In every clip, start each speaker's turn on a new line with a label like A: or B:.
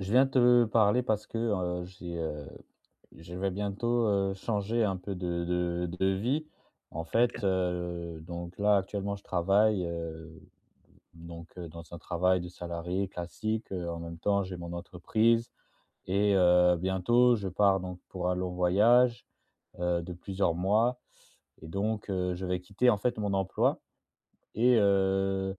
A: Je viens te parler parce que, heu, j'ai, heu je vais bientôt, heu, changer un peu de de de vie. En fait,
B: OK.
A: heu, donc là, actuellement, je travaille, heu, donc, heu, dans un travail de salarié classique, heu, en même temps j'ai mon entreprise et heu, bientôt je pars donc pour un long voyage, heu, de plusieurs mois et donc, heu je vais quitter en fait mon emploi, et
B: Ouais.
A: heu,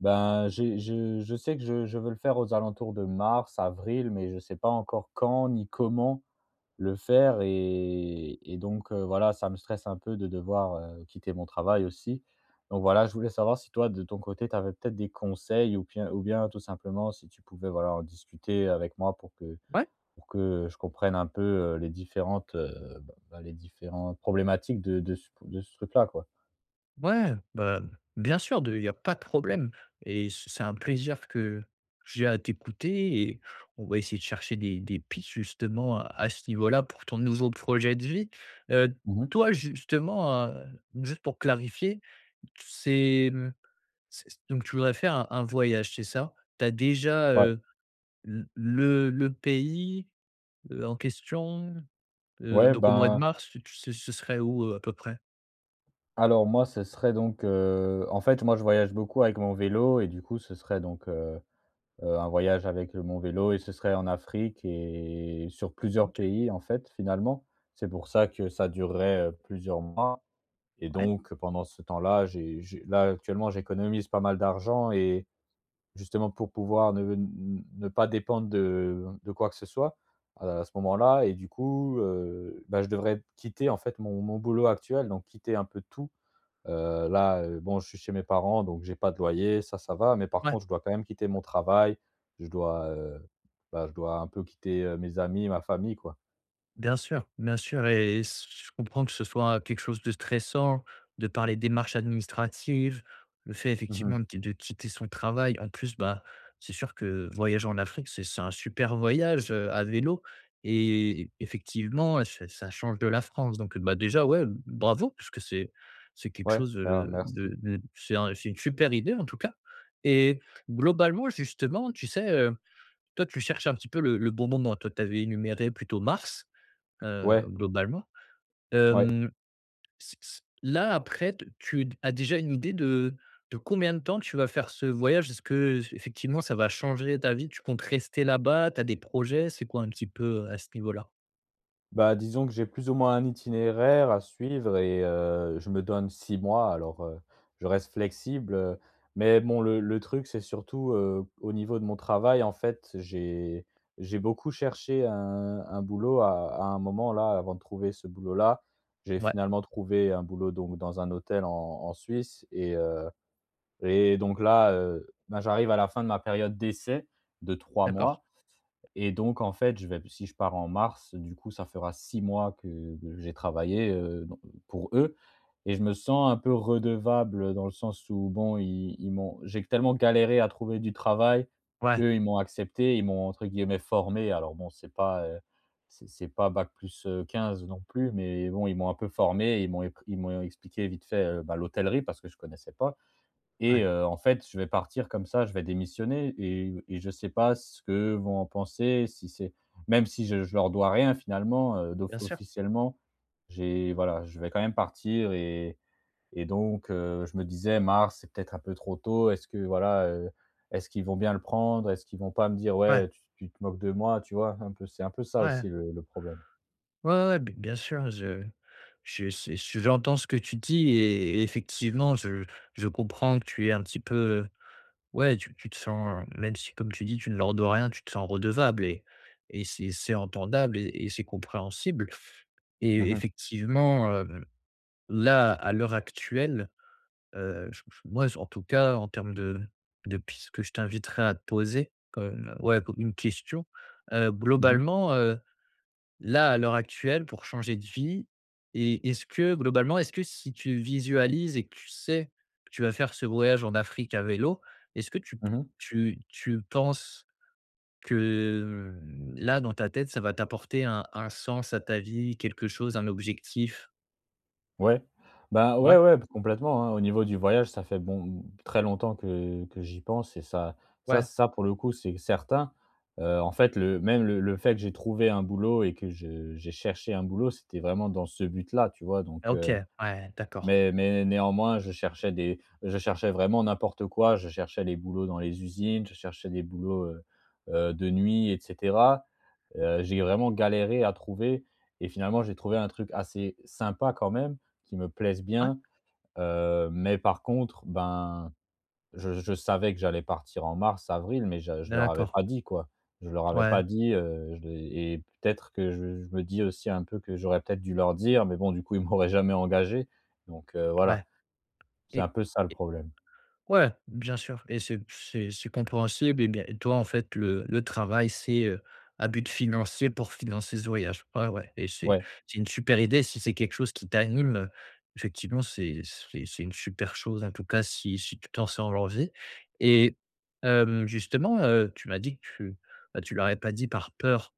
A: ben, j'ai je je sais que je je veux le faire aux alentours de mars, avril, mais je sais pas encore quand ni comment le faire et et donc, heu, voilà ça me stresse un peu de devoir, heu, quitter mon travail aussi. Donc voilà je voulais savoir si toi, de ton côté, tu avais peut-être des conseils ou bien ou bien tout simplement si tu pouvais, voilà, en discuter avec moi pour que
B: Ouais.
A: pour que, heu, je comprenne un peu, heu, les différentes, heu, b bah, les différentes problématiques de de de c de ce truc-là, quoi.
B: Ouais, heu, bah, bien sûr, de il y a pas de problème! Et c c'est un plaisir que j'ai à t'écouter et on va essayer de chercher des des pistes, justement, à à ce niveau-là pour ton nouveau projet de vie. Heu d
A: Mmh mh.
B: toi justement, heu, juste pour clarifier, t c'est, hem c donc tu voudrais faire un un voyage, c'est ça? Tu as déjà,
A: Ouais.
B: heu, l le le pays, l'en question, heu,
A: Ouais,
B: donc au mois de
A: ben
B: mars tu ce ce serait où, heu, à peu près?
A: Alors moi, ce serait donc heu en fait, moi je voyage beaucoup avec mon vélo et du coup, ce serait donc, heu heu, un voyage avec mon vélo et ce serait en Afrique et sur plusieurs
B: OK.
A: pays, en fait, finalement. C'est pour ça que ça durerait, heu, plusieurs mois. Et
B: Ouais.
A: donc pendant ce temps-là, j'é j'é là, actuellement, j'économise pas mal d'argent et justement pour pouvoir ne n n ne pas dépendre de, heu, de quoi que ce soit à la à ce moment-là. Et du coup, heu, ben je devrais p quitter en fait mon mon boulot actuel, donc quitter un peu tout. Heu là, heu, bon, je suis chez mes parents donc j'ai pas de loyer, ça, ça va, mais par
B: Ouais.
A: contre je dois quand même quitter mon travail, je dois, heu, bah, je dois un peu quitter, heu, mes amis, ma famille, quoi.
B: Bien sûr. Bien sûr et ce je comprends que ce soit quelque chose de stressant de par les démarches administratives, le fait
A: Mmh
B: effectivement
A: mh.
B: de qui de quitter son travail. En plus, bah, c'est sûr que, heu, voyager en Afrique c'est c'est un super voyage, heu, à vélo, et effectivement ça ça change de la France. Donc, heu, bah déjà, ouais, bravo, puisque c'est c'est quelque
A: Ouais,
B: chose de,
A: mer
B: heu,
A: merci.
B: de de c'est un c'est une super idée, en tout cas. Et globalement, justement, tu sais, heu, toi tu cherches un petit peu le le bon moment? Toi, tu avais énuméré plutôt mars, heu,
A: Ouais.
B: globalement.
A: Ouais.
B: Hem c c là, après, t tu as déjà une idée de de combien de temps tu vas faire ce voyage? Est-ce que j heu effectivement ça va changer ta vie. Tu comptes rester là-bas? Tu as des projets? C'est quoi un petit peu, heu, à ce niveau-là?
A: Bah, disons que j'ai plus ou moins un itinéraire à suivre et heu, je me donne 6 mois alors, heu, je reste flexible, heu. Mais bon le le truc c'est surtout, heu, au niveau de mon travail, en fait, j'ai j'ai beaucoup cherché un un boulot à à un moment, là, avant de trouver ce boulot là. J'ai
B: Ouais.
A: finalement trouvé un boulot donc dans un hôtel en en Suisse et heu et donc là, heu, ben j'arrive à la fin de ma période d'essai de 3
B: D'accord.
A: mois et donc en fait je vais si je pars en mars du coup ça fera 6 mois que que j'ai travaillé, heu, don pour eux et je me sens un peu redevable dans le sens où bon ils ils m'ont j'ai q tellement galéré à trouver du travail.
B: Ouais.
A: Eux ils m'ont accepté, ils m'ont entre guillemets formé. Alors bon, c'est pas, heu c'est c'est pas bac plus, heu, 15 non plus, mais bon ils m'ont un peu formé, ils m'ont éc ils m'ont expliqué vite fait, heu, bah l'hôtellerie, parce que je connaissais pas, et
B: Ouais.
A: heu, en fait je vais partir comme ça, je vais démissionner et et je sais pas ce que vont en penser si c'est même si je je leur dois rien finalement, heu, d'off
B: Bien sûr.
A: officiellement, j'ai voilà, je vais quand même partir et et donc, heu, je me disais: «Mars c'est peut-être un peu trop tôt, est-ce que voilà, heu, est-ce qu'ils vont bien le prendre? Est-ce qu'ils vont pas me dire:
B: Ouais.
A: "Ouais, tu tu te moques de moi?"» Tu vois, un peu? C'est un peu ça,
B: Ouais.
A: aussi, le le problème.
B: Ouais, ouais, ouais, b bien sûr, je je su j j'entends ce que tu dis et effectivement je je comprends que tu aies un petit peu, heu ouais, tu tu te sens, heu même si comme tu dis tu ne leur dois rien, tu te sens redevable et et c'est c'est entendable et et c'est compréhensible.
A: Mmh
B: Et
A: mh.
B: effectivement, heu, là, à l'heure actuelle, heu, j j moi en tout cas, en termes de de pistes que je t'inviterais à te poser comme, heu ouais, comme une question, heu,
A: Mmh mh.
B: globalement, heu, là, à l'heure actuelle, pour changer de vie, est est-ce que, globalement, est-ce que si tu visualises et que tu sais que tu vas faire ce voyage en Afrique à vélo, est-ce que tu
A: Mmh
B: p
A: mh.
B: tu tu penses que là, dans ta tête, ça va t'apporter un un sens à ta vie, quelque chose, un objectif?
A: Ouais, ben
B: Ouais.
A: ouais, ouais p complètement, hein, au niveau du voyage, ça fait bon, très longtemps que que j'y pense et ça ça
B: Ouais.
A: ça pour le coup c'est certain. Heu, en fait, le même le le fait que j'ai trouvé un boulot et que je j'ai cherché un boulot c'était vraiment dans ce but-là, tu vois, donc,
B: OK,
A: heu
B: ouais, d'accord.
A: Mais mais néanmoins je cherchais des je cherchais vraiment n'importe quoi. Je cherchais les boulots dans les usines, je cherchais des boulots, heu, heu, de nuit, et cetera. Heu, j'ai vraiment galéré à trouver et finalement, j'ai trouvé un truc assez sympa quand même, qui me plaise
B: Ouais.
A: bien. Heu, mais par contre, ben, je je savais que j'allais partir en mars, avril, mais je je leur avais
B: D'accord.
A: pas dit, quoi. Je leur avais
B: Ouais.
A: pas dit, heu, je l'ai et peut-être que je je me dis aussi un peu que j'aurais peut-être dû leur dire, mais bon, du coup ils m'auraient jamais engagé, donc, heu,
B: Ouais
A: voilà c'est
B: et
A: un peu ça, le
B: et
A: problème.
B: ouais, bien sûr et c'est c'est c'est compréhensible et bien et toi en fait le le travail c'est, heu, à but financier pour financer ce voyage. Ouais, ouais, et c'est
A: Ouais.
B: c'est une super idée si c'est quelque chose qui t'anime, heu, effectivement, c'est c'est c'est une super chose. En tout cas, si si tu t'en sens l'envie et hem, justement, heu, tu m'as dit que tu, ben, tu leur avais pas dit par peur,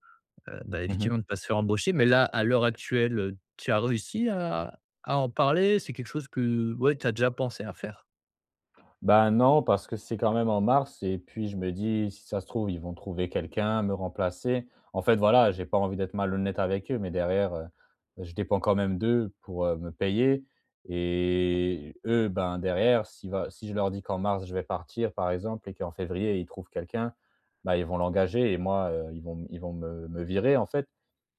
B: heu, bah
A: Mmh mh.
B: effectivement, de pas se faire embaucher mais là, à l'heure actuelle, heu, tu as réussi à à en parler? C'est quelque chose que, ouais, tu as déjà pensé à faire?
A: Bah, non, parce que c'est, quand même, en mars, et puis je me dis: «Si ça se trouve, ils vont trouver quelqu'un, me remplacer». En fait, voilà, j'ai pas envie d'être malhonnête avec eux, mais derrière, heu, je dépends quand même d'eux pour, heu, me payer et eux, ben, derrière, si bah si je leur dis qu'en mars, je vais partir, par exemple, et qu'en février, ils trouvent quelqu'un, bah, ils vont l'engager. Et moi, heu, ils vont ils vont m me me virer, en fait.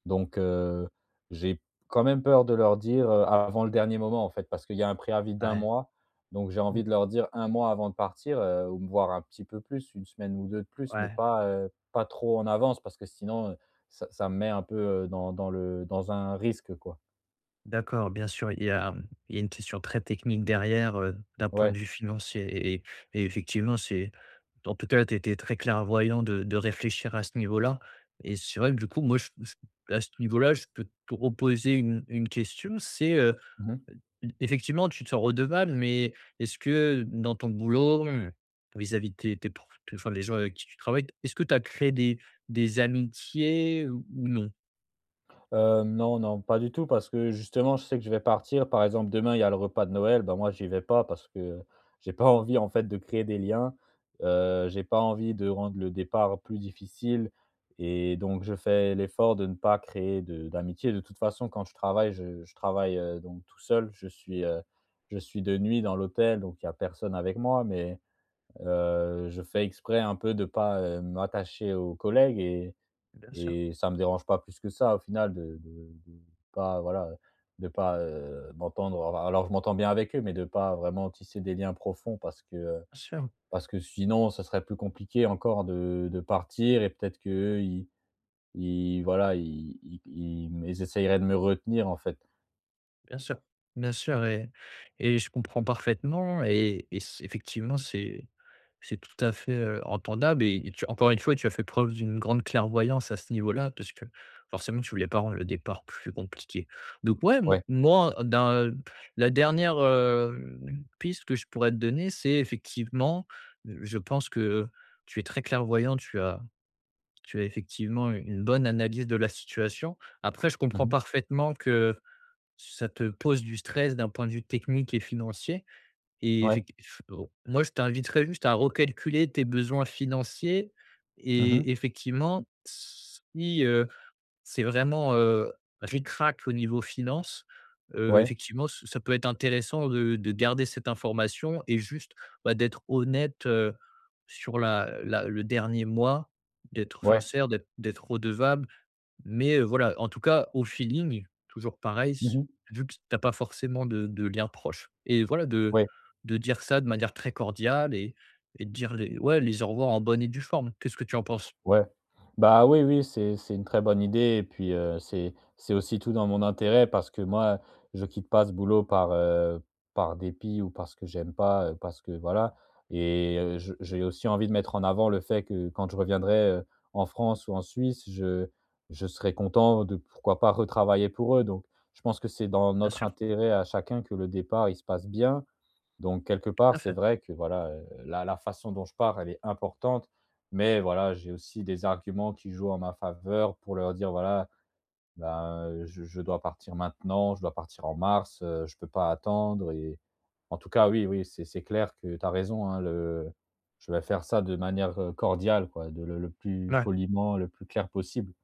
A: Donc, heu, j'ai quand même peur de leur dire, heu, av avant le dernier moment, en fait, parce qu'il y a un préavis d'1
B: Ouais.
A: mois. Donc, j'ai
B: Mmh.
A: envie de leur dire 1 mois avant de partir, heu, ou me voir un petit peu plus, 1 semaine ou 2 de plus, mais
B: Ouais.
A: pas, heu, pas trop en avance, parce que sinon, heu, ça ça me met un peu, heu, dans dans le dans un risque, quoi.
B: D'accord, bien sûr. Il y a mmh il y a une question très technique derrière, heu, d'un point
A: Ouais.
B: de vue financier. Et et et effectivement, c'est en tout cas, tu as été très clairvoyant de de réfléchir à ce niveau-là et c'est vrai que du coup, moi, j je à ce niveau-là, je peux te reposer une une question, c'est, heu,
A: Mmh mh.
B: e ef effectivement tu te sens redevable, mais est-ce que, heu, dans ton boulot, heu, vis-à-vis de tes tes pr enfin les gens avec qui tu travailles, est-ce que tu as créé des des amitiés ou ou non?
A: Heu, non, non, pas du tout, parce que, justement, je sais que je vais partir. Par exemple, demain, il y a le repas de Noël, bah, moi, j'y vais pas parce que, heu, j'ai pas envie, en fait, de créer des liens. Heu, j'ai pas envie de rendre le départ plus difficile. Et donc, je fais l'effort de ne pas créer de d'amitié. De toute façon, quand je travaille, je je travaille, heu, donc tout seul. Je suis, heu, je suis de nuit dans l'hôtel, donc il y a personne avec moi. Mais, heu, je fais exprès un peu de pas, heu, m'attacher aux collègues et
B: Bien sûr.
A: et ça me dérange pas plus que ça, au final, de de de pas voilà, heu, de pas, heu, m'entendre alors je m'entends bien avec eux, mais de pas vraiment tisser des liens profonds, parce que heu,
B: Bien sûr.
A: parce que sinon, ça serait plus compliqué encore de de partir et peut-être qu'eux, ils ils voilà i ils ils essayeraient de me retenir, en fait.
B: Bien sûr. Bien sûr et et je comprends parfaitement et et c effectivement c'est c'est tout à fait, heu, entendable et tu as encore une fois, tu as fait preuve d'une grande clairvoyance, à ce niveau-là, parce que, forcément, tu voulais pas rendre le départ plus compliqué. Donc, ouais, m
A: Ouais.
B: moi dans la dernière, hem, piste que je pourrais te donner, c'est, effectivement, heu, je pense que, heu, tu es très clairvoyant, tu as tu as effectivement une une bonne analyse de la situation. Après, je
A: Mmh
B: comprends
A: mh.
B: parfaitement que ça te pose du stress, d'un point de vue technique et financier et
A: Ouais.
B: effec eff au moi je t'inviterais juste à recalculer tes besoins financiers
A: Mmh mh.
B: et effectivement, si, heu, c'est vraiment, heu, ric-rac au niveau finance, heu,
A: Ouais.
B: effectivement ç ça peut être intéressant de de garder cette information et juste, bah, d'être honnête, heu, sur la la le dernier mois, d'être
A: Ouais.
B: sincère, d'être d'être redevable. Mais, heu, voilà, en tout cas, au feeling, toujours pareil,
A: Mmh
B: s
A: mh.
B: vu que t'as pas forcément de de liens proches, et voilà, de
A: Ouais.
B: de dire ça de manière très cordiale et et de dire les ouais, les au revoir en bonne et due forme. Qu'est-ce que tu en penses?
A: Ouais, bah oui, oui, c'est c'est une très bonne idée et puis, heu, c'est c'est aussi tout dans mon intérêt, parce que, moi, je quitte pas ce boulot par heu, par dépit ou parce que j'aime pas, parce que voilà. Et, heu, je j'ai aussi envie de mettre en avant le fait que, quand je reviendrai, heu, en France ou en Suisse, je je serais content de pourquoi pas, retravailler pour eux. Donc, je pense que c'est dans
B: Bien
A: notre
B: sûr.
A: intérêt à chacun que le départ, il se passe bien. Donc, quelque
B: Tout
A: part,
B: à
A: c'est
B: fait.
A: vrai que voilà, heu, la la façon dont je pars, elle est importante. Mais, voilà, j'ai aussi des arguments, qui jouent en ma faveur, pour leur dire: «Voilà, ben, heu, je je dois partir maintenant, je dois partir en mars, heu, je peux pas attendre et» en-tout-cas, oui, oui c'est c'est clair que tu as raison, hein, le je vais faire ça de manière, heu, cordiale, quoi, de le le plus
B: La
A: poliment, le plus clair possible.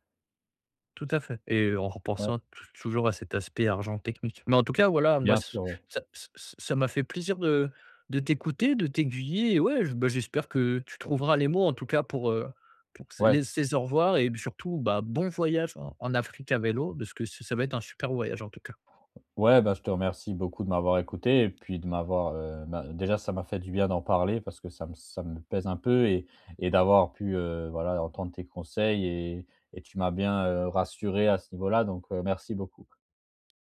B: Tout à fait et en
A: Ouais.
B: repensant, tou toujours, à cet aspect argent technique. Mais, en tout cas, voilà, moi
A: Bien
B: ç
A: sûr, ouais.
B: ça ç ça m'a fait plaisir de de t'écouter, de t'aiguiller, et ouais j ben j'espère que tu trouveras les mots, en tout cas, pour, heu, pour qu
A: Ouais.
B: les ces au revoir et puis, surtout, bah, bon voyage en en Afrique à vélo de ce qu ç ça va être un super voyage, en tout cas.
A: Ouais, bah, je te remercie beaucoup de m'avoir écouté et puis de m'avoir, heu, ben déjà, ça m'a fait du bien d'en parler, parce que ça me ça me pèse un peu et et d'avoir pu, heu, voilà entendre tes conseils et et tu m'as bien, heu, rassuré à ce niveau-là. Donc, heu, merci beaucoup.